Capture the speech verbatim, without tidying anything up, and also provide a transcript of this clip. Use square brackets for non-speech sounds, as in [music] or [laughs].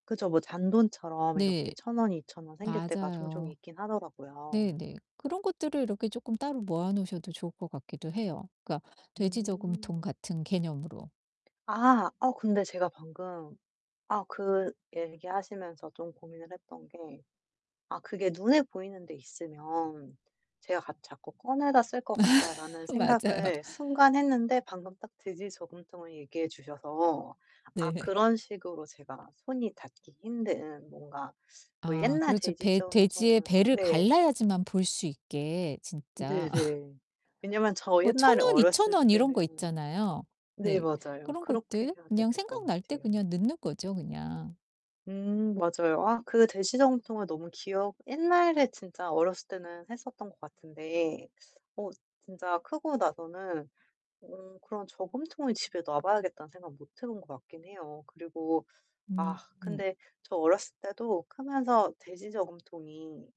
그죠. 뭐 잔돈처럼 이렇게 네. 천 원 이천 원 생길 때가 종종 맞아요. 있긴 하더라고요. 네네. 그런 것들을 이렇게 쪼끔 따로 모아 놓으셔도 좋을 것 같기도 해요. 그러니까 돼지 저금통 음. 같은 개념으로. 아 어 근데 제가 방금 아 그 얘기하시면서 좀 고민을 했던 게 아 그게 눈에 보이는 데 있으면 제가 같 '자꾸 꺼내다 쓸 것 [laughs] 같다.'라는 맞아요. 생각을 순간 했는데 방금 딱 돼지 저금통을 얘기해 주셔서 아 네. 그런 식으로 제가 손이 닿기 힘든 뭔가 뭐 아 옛날 그렇죠. 돼지 배 돼지의 저금통은 배를 네. 갈라야지만 볼 수 있게 진짜. [laughs] 네네. 왜냐면 저 뭐 천 옛날에 원 이천 어렸을 원 이런 거 때는 있잖아요. 네, 네 맞아요. 그런 그렇게 것들 해야 그냥 되겠 것 생각날 때 같아요. 그냥 넣는 거죠, 그냥. 음 맞아요. 아 그 돼지 저금통을 너무 기억 옛날에 진짜 어렸을 때는 했었던 것 같은데 어 진짜 크고 나서는 어 그런 저금통을 집에 놔 봐야겠다는 생각 못 해 본 것 같긴 해요. 그리고 아 음. 근데 저 어렸을 때도 크면서 돼지 저금통이